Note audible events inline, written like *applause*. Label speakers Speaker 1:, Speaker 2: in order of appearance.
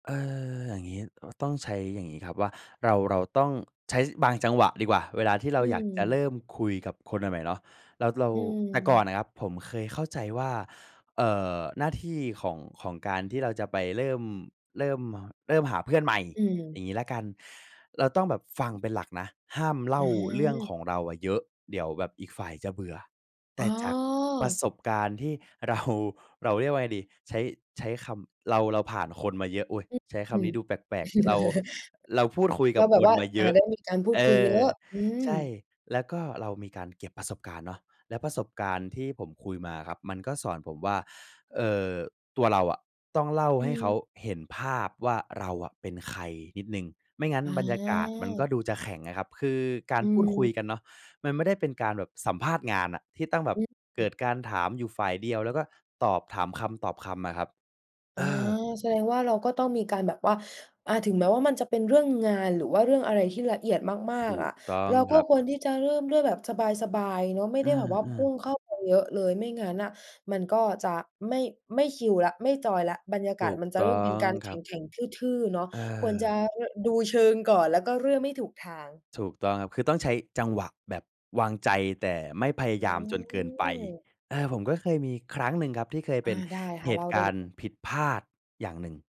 Speaker 1: เออ อย่างงี้ เอ่อ ต้องใช้อย่างงี้ครับ ว่าเรา เราต้องใช้บางจังหวะดีกว่า เวลาที่เรา
Speaker 2: อื
Speaker 1: อยากจะเร
Speaker 2: ม
Speaker 1: ิ่มคุยกับคนใหม่ ๆ เนาะ แล้วเรา
Speaker 2: อื
Speaker 1: แต่ก่อน
Speaker 2: ม
Speaker 1: น่ะครับ ผมเคยเข้าใจว่า เอ่อ หน้าที่ของ ของการที่เราจะไปเริ่ม เริ่ม ม เริ่มหาเพื่อนใหม่
Speaker 2: อื
Speaker 1: อย่
Speaker 2: ม
Speaker 1: างงี้แล้วกัน เราต้องแบบฟังเป็นหลักนะ ห้ามเล่าเรื่องข
Speaker 2: อา
Speaker 1: องเราอะเยอะ เดี๋ยวแบบอีกฝ่ายจะเบื่อ แต
Speaker 2: อ๋
Speaker 1: ่จากประ
Speaker 2: อ
Speaker 1: สบการณ์ที่ เรา เราเรียกว่าไงดี ใช้ ใช้คำ เรา เราผ่านคนมาเยอะ อุ๊ย!
Speaker 2: อ
Speaker 1: ใช้ค
Speaker 2: อื
Speaker 1: ำนี
Speaker 2: ม
Speaker 1: ้ดูแปลก ๆ เรา
Speaker 2: *laughs*
Speaker 1: เราพูดคุย
Speaker 2: เ
Speaker 1: ก
Speaker 2: ร
Speaker 1: ั
Speaker 2: า
Speaker 1: บ
Speaker 2: แบ
Speaker 1: ค
Speaker 2: บว
Speaker 1: น
Speaker 2: ่า
Speaker 1: มาเ
Speaker 2: อ
Speaker 1: ย
Speaker 2: ่า
Speaker 1: อะ
Speaker 2: ต้องมีการพูด
Speaker 1: เอ
Speaker 2: คุยเย
Speaker 1: อ
Speaker 2: อะ อื
Speaker 1: ใ
Speaker 2: ม
Speaker 1: ช่ แล้วก็เรามีการเก็บประสบการณ์เนาะ และประสบการณ์ที่ผมคุยมาครับ มันก็สอนผมว่า เอ่อ ตัวเราอะต้องเล่า
Speaker 2: อ
Speaker 1: ใ
Speaker 2: ื
Speaker 1: ห้เขา
Speaker 2: ม
Speaker 1: เห็นภาพว่าเราอะเป็นใครนิดหนึ่ง ไม่งั้น
Speaker 2: อา
Speaker 1: บรรยากาศมันก็ดูจะแข็งอะครับ คือกา
Speaker 2: อ
Speaker 1: รพูดคุย
Speaker 2: ืม
Speaker 1: กันเนาะ มันไม่ได้เป็นการแบบสัมภาษณ์งานอะ ที่ต้องแบบ
Speaker 2: อ
Speaker 1: เก
Speaker 2: ื
Speaker 1: ิ
Speaker 2: อ
Speaker 1: ดการถามอยู่ฝ่ายเดียว แล้วก็ตอบ ถามคำตอบคำอะครับ
Speaker 2: อ
Speaker 1: เ
Speaker 2: า
Speaker 1: ออ
Speaker 2: แสดงว่าเราก็ต้องมีการแบบว่า อา ถึงแม้ว่ามันจะเป็นเรื่องงาน หรือว่าเรื่องอะไรที่ละเอียดมา
Speaker 1: ถ
Speaker 2: ก
Speaker 1: ู
Speaker 2: ๆ อ
Speaker 1: ก
Speaker 2: ะ
Speaker 1: ต้อง
Speaker 2: เราก
Speaker 1: ค
Speaker 2: ็
Speaker 1: รับ
Speaker 2: ควรที่จะเริ่มด้วยแบบสบาย ๆ เนาะ ไม่
Speaker 1: อ
Speaker 2: ไ
Speaker 1: ื
Speaker 2: ด้แบบว่าพ
Speaker 1: ม
Speaker 2: ุ่
Speaker 1: ๆ
Speaker 2: งเข้าไปเยอะเลย ไม่งั้นน่ะมันก็จะไม่ ไม่คิวแล้ว ไม่จอยแล้ว บรรยากา
Speaker 1: ถ
Speaker 2: ศ
Speaker 1: ูก
Speaker 2: มันจะ
Speaker 1: ต
Speaker 2: เริ่
Speaker 1: ้
Speaker 2: ม
Speaker 1: อ
Speaker 2: เป็น
Speaker 1: ง
Speaker 2: การ
Speaker 1: ค
Speaker 2: แข
Speaker 1: รับ
Speaker 2: ็ง ๆ ทื่อ ๆ เนาะ
Speaker 1: เ
Speaker 2: ควรจะ
Speaker 1: ออ
Speaker 2: ร ดูเชิงก่อน แล้วก็เริ่มไม่ถูกทาง
Speaker 1: ถูกต้องครับ คือต้องใช้จังหวะแบบวางใจ แต่ไม่พย
Speaker 2: อ
Speaker 1: า
Speaker 2: ื
Speaker 1: ยามจนเกินไป
Speaker 2: ม
Speaker 1: อา ผมก็เคยมีครั้งหนึ่งครับ ที่เคยเ
Speaker 2: อ
Speaker 1: ป
Speaker 2: า
Speaker 1: ็น
Speaker 2: ได้ค
Speaker 1: เ
Speaker 2: ่
Speaker 1: ห
Speaker 2: ะ เ
Speaker 1: ต
Speaker 2: ล่
Speaker 1: ุ
Speaker 2: า
Speaker 1: ก
Speaker 2: ได้
Speaker 1: า
Speaker 2: เ
Speaker 1: ร
Speaker 2: ล
Speaker 1: ณ
Speaker 2: ย
Speaker 1: ์ผิดพลาดอย่างหนึ่ง